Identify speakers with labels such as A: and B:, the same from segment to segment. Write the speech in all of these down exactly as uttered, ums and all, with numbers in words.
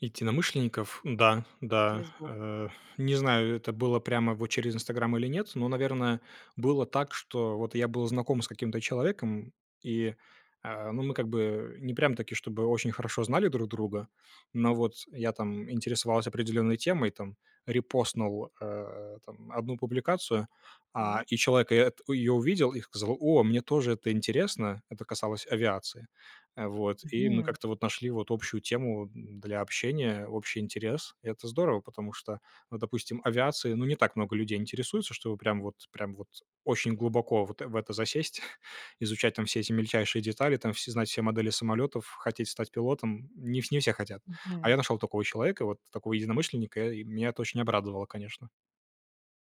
A: итинамышленникаф. Да, да.
B: Через блог.
A: Э. Не знаю, это было прямо во через "Инстаграм" или нет, но, наверное, было так, что вот я был знаком с каким-то человеком. И, э, ну, мы как бы не прямо-таки, чтобы очень хорошо знали друг друга. Но вот я, там, интересовался определенной темой, там. Репостнул, э, там, одну публикацию, а,
B: Так.
A: и человек и эт ее увидел и сказал: "О, мне тоже это интересно". Это касалось авиации. Э, вот. И мы
B: Мгм.
A: как-то вот нашли вот общую тему, м, для общения, общий интерес. Это здорово, потому что, ну, допустим, авиацией, ну, не так много людей интересуется, чтобы прям вот прям вот очень глубоко вот в это засесть. Изучать, там, все эти мельчайшие детали. Там, всё знать все модели самолетов, хотеть стать пилотом. Ни не все хотят. А я
B: Мгм.
A: нашел такого человека и вот такого единомышленника. И меня это очень обрадовало, конечно.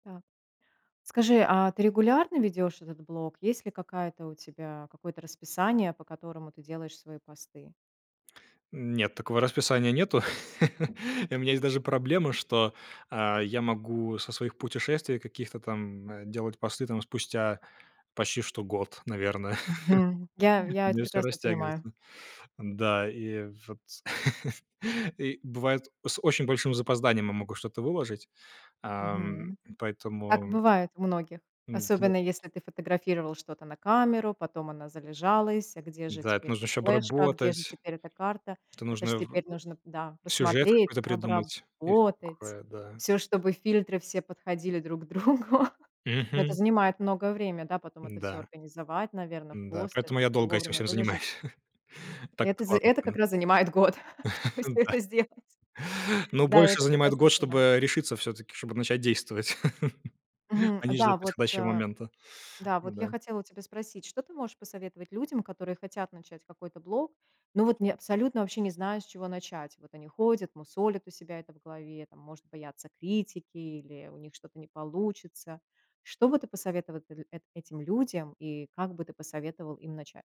B: Так. Скажи, а ты регулярно ведешь этот блог? Есть ли какая-то у тебя какое-то расписание, по которому ты делаешь свои посты?
A: Нет, такого расписания нету. И у меня есть даже проблема, что, а, я могу со своих путешествий каких-то там, э, делать посты, там, спустя почти что год, наверно.
B: Мгм. Я
A: У
B: я это
A: меня всё
B: прекрасно понимаю.
A: растягивается. Н-да, и воц и бывает с очень большим запозданием я могу что-то выложить, ам,
B: Мгм. Так
A: поэтому
B: бывает у многих.
A: М-да.
B: Особенно, если ты фотографировал что-то на камеру, потом она залежалась. А где же
A: Да, это
B: теперь эта
A: нужно еще
B: флешка? А где же
A: обработать.
B: теперь эта карта?
A: Это
B: Это ж
A: нужно в
B: теперь нужно да,
A: сюжет
B: посмотреть,
A: какой-то придумать и всё
B: обработать.
A: такое. Да.
B: Всё, чтобы фильтры все подходили друг другу. Это
A: Мгм.
B: занимает многое время, да, потом это всё
A: Да.
B: организовать, наверно, в
A: Н-да.
B: пост,
A: Поэтому
B: это
A: я
B: всё
A: долго этим
B: вовремя
A: всем
B: выложить.
A: занимаюсь. Так
B: Это з
A: откладываю
B: это как
A: на
B: раз занимает год, чтобы
A: потом.
B: всё
A: Да.
B: это сделать.
A: Ну,
B: Да, я
A: больше
B: это
A: занимает
B: прекрасно
A: год, чтобы,
B: понимаю.
A: э, решиться всё-таки, чтобы начать действовать,
B: Мгм.
A: а не ждать
B: Да, вот,
A: подходящего
B: э
A: момента.
B: да, вот я
A: Да.
B: хотела у тебя спросить. Что ты можешь посоветовать людям, которые хотят начать какой-то блог, но вот не абсолютно вообще не знают, с чего начать? Вот они ходят, мусолят у себя это в голове, там, может бояться критики или у них что-то не получится. Что бы ты посоветова дл эт этим людям и как бы ты посоветовал им начать?